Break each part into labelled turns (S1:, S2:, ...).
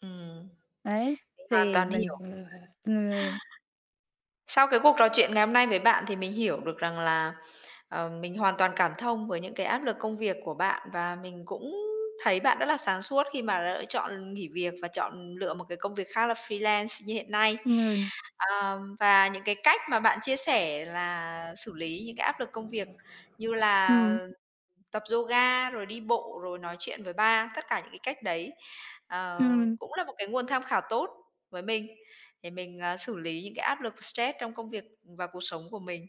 S1: Ừm,
S2: Ấy,
S1: mình hoàn
S2: thì
S1: toàn
S2: mình
S1: hiểu.
S2: [unintelligible]
S1: Sau cái cuộc trò chuyện ngày hôm nay với bạn thì mình hiểu được rằng là, ờ, mình hoàn toàn cảm thông với những cái áp lực công việc của bạn và mình cũng thấy bạn rất là sáng suốt khi mà lựa chọn nghỉ việc và chọn lựa một cái công việc khác là freelance như hiện nay.
S2: [unintelligible]
S1: À, và những cái cách mà bạn chia sẻ là xử lý những cái áp lực công việc như là
S2: Ừm.
S1: tập yoga, rồi đi bộ, rồi nói chuyện với ba, tất cả những cái cách đấy, ờ,
S2: Ừm.
S1: cũng là một cái nguồn tham khảo tốt với mình, để mình, à, xử lý những cái áp lực stress trong công việc và cuộc sống của mình.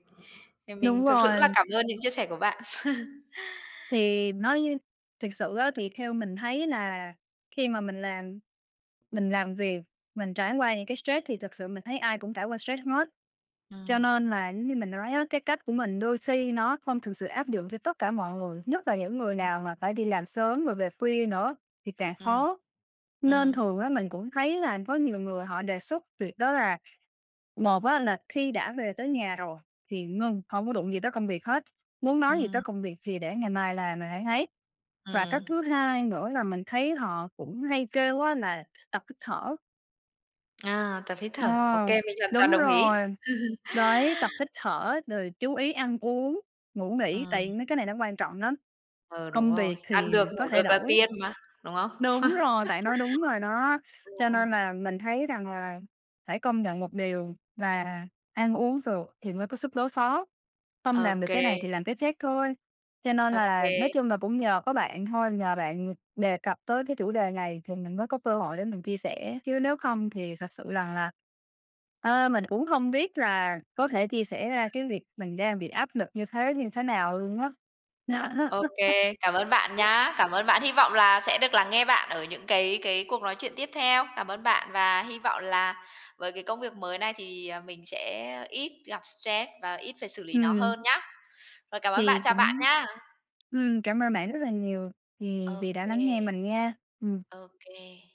S1: Thì mình
S2: Đúng
S1: thực sự rất là
S2: rồi.
S1: cảm ơn những chia sẻ của bạn.
S2: Thì nói thiệt sự á thì theo mình thấy là khi mà mình làm mình làm việc, mình trải qua những cái stress thì thật sự mình thấy ai cũng trải qua stress hết. Cho
S1: À.
S2: nên là giống như mình nói á, cái cách của mình đôi khi nó không thực sự áp dụng cho tất cả mọi người, nhất là những người nào mà phải đi làm sớm rồi về khuya nữa thì càng
S1: Ừm.
S2: khó. Nên
S1: Ừm.
S2: thường á mình cũng thấy là có nhiều người họ đề xuất việc đó là một á là khi đã về tới nhà rồi thì ngưng, hông có đụng gì tới công việc hết, muốn nói gì
S1: Ừm.
S2: tới công việc thì để ngày mai làm rồi hẵng ấy. Và cách
S1: Ừm.
S2: thứ hai nữa là mình thấy họ cũng hay kêu á là tập hít thở.
S1: À! Tập hít
S2: Ờ.
S1: thở. Ô kê, mình hoàn toàn
S2: Đúng
S1: đồng ý.
S2: rồi, đấy, tập hít thở, rồi chú ý ăn uống, ngủ nghỉ,
S1: Ờ.
S2: tại mấy cái này nó quan trọng lắm.
S1: Ờ, đúng
S2: Công
S1: rồi.
S2: việc
S1: Ăn
S2: thì
S1: được
S2: có
S1: ngủ được
S2: thể
S1: là
S2: đổi.
S1: tiên mà, đúng không?
S2: Đúng rồi! Bạn nói đúng rồi đó. Cho nên
S1: [unintelligible]
S2: là mình thấy rằng là phải công nhận một điều là ăn uống được thì mới có sức đối phó, không
S1: Ô
S2: làm được cái
S1: kê.
S2: này thì làm cái khác thôi. Cho nên
S1: Ô
S2: là,
S1: kê.
S2: nói chung là, cũng nhờ có bạn thôi, nhờ bạn đề cập tới cái chủ đề này thì mình mới có cơ hội để mình chia sẻ, chứ nếu không thì thật sự rằng là, ờ, mình cũng hông biết là có thể chia sẻ ra cái việc mình đang bị áp lực như thế như thế nào luôn á.
S1: Ô kê, cảm ơn bạn nhá. Cảm ơn bạn. Hy vọng là sẽ được lắng nghe bạn ở những cái cái cuộc nói chuyện tiếp theo. Cảm ơn bạn và hy vọng là với cái công việc mới này thì, à, mình sẽ ít gặp stress và ít phải xử lý nó
S2: Ừm.
S1: hơn nhá. Rồi cảm ơn bạn,
S2: Thì
S1: chào bạn
S2: cũng
S1: nha!
S2: ừm, cảm ơn bạn rất là nhiều vì
S1: Ô
S2: vì đã lắng nghe
S1: kê.
S2: mình nha. Ừm.
S1: Ô kê.